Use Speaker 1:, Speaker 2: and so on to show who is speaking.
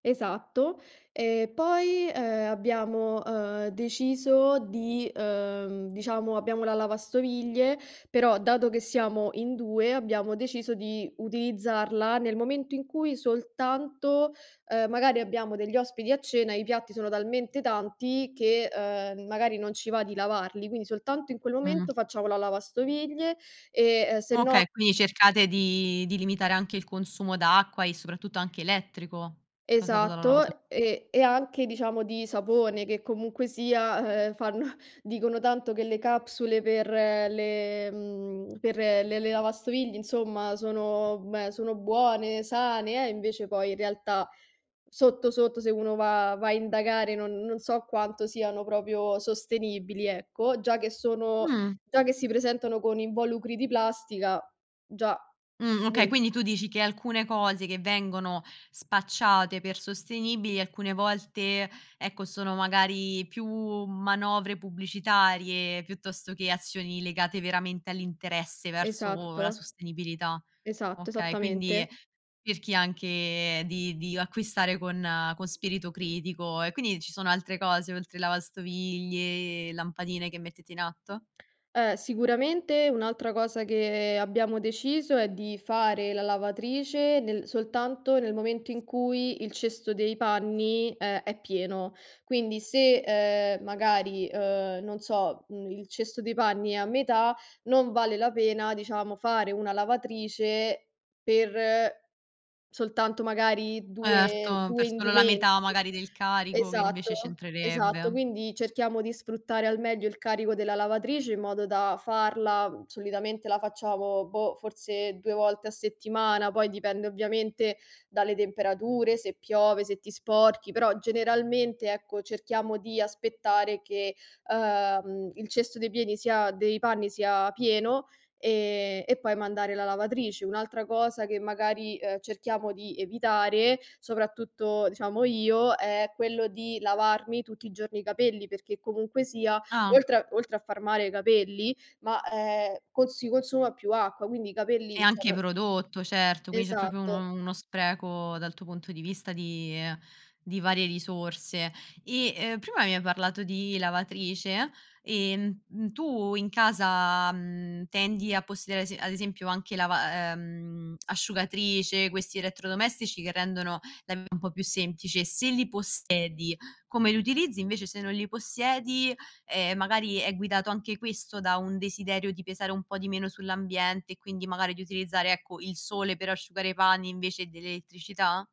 Speaker 1: Esatto. E poi, ehm, abbiamo, ehm, deciso di, ehm, diciamo, abbiamo la lavastoviglie, però dato che siamo in 2, abbiamo deciso di utilizzarla nel momento in cui soltanto, ehm, magari abbiamo degli ospiti a cena, i piatti sono talmente tanti che, ehm, magari non ci va di lavarli, quindi soltanto in quel
Speaker 2: Mh.
Speaker 1: momento facciamo la lavastoviglie, ehm, e sennò
Speaker 2: Okay, quindi cercate di di limitare anche il consumo d'acqua e soprattutto anche elettrico, causato dalla lavasto
Speaker 1: Esatto, e e anche diciamo di sapone, che comunque sia, eh, fanno dicono tanto che le capsule per le mhmm, per le le lavastoviglie, insomma, sono beh, sono buone, sane eh, è invece poi in realtà, sotto sotto, se uno va va a indagare non non so quanto siano proprio sostenibili, ecco. Già che sono
Speaker 2: Mh.
Speaker 1: già che si presentano con involucri di plastica; già,
Speaker 2: Mh, okay,
Speaker 1: uhm.
Speaker 2: quindi tu dici che alcune cose che vengono spacciate per sostenibili alcune volte, ecco sono magari più manovre pubblicitarie, piuttosto che azioni legate veramente all'interesse verso la
Speaker 1: Esatto.
Speaker 2: sostenibilità.
Speaker 1: Esatto,
Speaker 2: Okay, quindi
Speaker 1: esattamente.
Speaker 2: cerchi anche di di acquistare con con spirito critico e quindi ci sono altre cose, oltre lavastoviglie, lampadine che mettete in atto?
Speaker 1: Eh, sicuramente un'altra cosa che abbiamo deciso è di fare la lavatrice nel soltanto nel momento in cui il cesto dei panni è è pieno. Quindi, se, ehm, magari, ehm, non so, uhm, il cesto dei panni è a metà, non vale la pena, diciamo, fare una lavatrice per soltanto magari due
Speaker 2: Erto,
Speaker 1: due
Speaker 2: per solo la
Speaker 1: indumenti.
Speaker 2: metà magari del carico che
Speaker 1: Esatto,
Speaker 2: invece
Speaker 1: esatto.
Speaker 2: c'entrerebbe.
Speaker 1: Quindi cerchiamo di sfruttare al meglio il carico della lavatrice in modo da farla solitamente la facciamo boh, forse 2 volte a settimana, poi dipende ovviamente dalle temperature, se piove, se ti sporchi; però generalmente, ecco, cerchiamo di aspettare che, ehm, il cesto dei pieni sia dei panni sia pieno e e poi mandare la lavatrice. Un'altra cosa che magari, ehm, cerchiamo di evitare, soprattutto diciamo io, è quello di lavarmi tutti i giorni i capelli, perché comunque sia,
Speaker 2: Ah.
Speaker 1: oltre oltre a far male ai capelli, ma, ehm, cons si consuma più acqua, quindi i capelli,
Speaker 2: E
Speaker 1: cioè
Speaker 2: anche
Speaker 1: non
Speaker 2: prodotto, certo, quindi c'è proprio
Speaker 1: Esatto.
Speaker 2: uno uno spreco dal tuo punto di vista di ehm, di varie risorse. E, ehm, prima mi hai parlato di lavatrice e, mh mhmm, tu in casa, mhmm, tendi a possedere a ese ad esempio anche lava ehm, asciugatrice, questi elettrodomestici che rendono la v un po' più semplice. Se li possiedi, come li utilizzi, invece se non li possiedi, ehm, magari è guidato anche questo da un desiderio di pesare un po' di meno sull'ambiente e quindi magari di utilizzare, ecco, il sole per asciugare i panni invece dell'elettricità?